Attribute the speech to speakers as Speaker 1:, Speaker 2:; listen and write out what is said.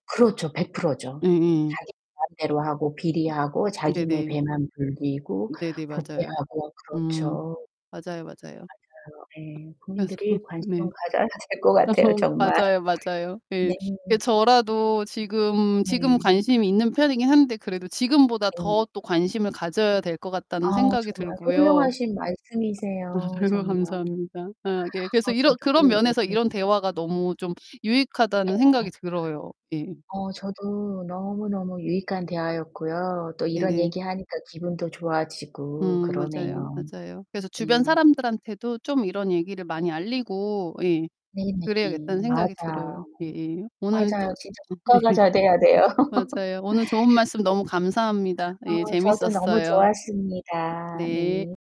Speaker 1: 그렇죠. 100% 죠.
Speaker 2: 예예.
Speaker 1: 자기 마음대로 하고 비리하고 자기네
Speaker 2: 네네.
Speaker 1: 배만 불리고
Speaker 2: 네네 맞아요.
Speaker 1: 부패하고
Speaker 2: 음.
Speaker 1: 그렇죠.
Speaker 2: 맞아요, 맞아요.
Speaker 1: 맞아요. 예.
Speaker 2: 그래서
Speaker 1: 국민들이
Speaker 2: 네.
Speaker 1: 관심을 가져야 될 것 같아요,
Speaker 2: 어
Speaker 1: 정말.
Speaker 2: 맞아요, 맞아요. 예.
Speaker 1: 네.
Speaker 2: 이게 저라도 지금 지금
Speaker 1: 네.
Speaker 2: 관심이 있는 편이긴 한데 그래도 지금보다
Speaker 1: 네.
Speaker 2: 더 또 관심을 가져야 될 것
Speaker 1: 아
Speaker 2: 같다는 생각이
Speaker 1: 정말
Speaker 2: 들고요
Speaker 1: 훌륭하신 말씀이세요
Speaker 2: 아유
Speaker 1: 정말. 아
Speaker 2: 감사합니다. 아 예. 그래서 이러 그런
Speaker 1: 저도
Speaker 2: 면에서
Speaker 1: 이렇게
Speaker 2: 이런 대화가 너무 좀 유익하다는
Speaker 1: 네.
Speaker 2: 생각이 들어요. 예.
Speaker 1: 어 저도 너무 너무 유익한 대화였고요 또 이런
Speaker 2: 네네.
Speaker 1: 얘기하니까 기분도 좋아지고
Speaker 2: 음 맞아요.
Speaker 1: 그러네요.
Speaker 2: 맞아요. 그래서 '주변
Speaker 1: 네.
Speaker 2: 사람들한테도 좀 이런 얘기를
Speaker 1: 네.
Speaker 2: 많이 알리고' 예
Speaker 1: 네네.
Speaker 2: '...그래야겠다.'는 생각이
Speaker 1: 맞아요.
Speaker 2: 들어요. 예예.
Speaker 1: 맞아요.
Speaker 2: 오늘도
Speaker 1: 진짜 국가가 잘 돼야 돼요.
Speaker 2: 맞아요. 오늘 좋은 말씀 너무
Speaker 1: [unintelligible]
Speaker 2: 감사합니다.
Speaker 1: 어
Speaker 2: 예
Speaker 1: 저도 너무
Speaker 2: 재밌었어요.
Speaker 1: 좋았습니다.
Speaker 2: 네.
Speaker 1: 네.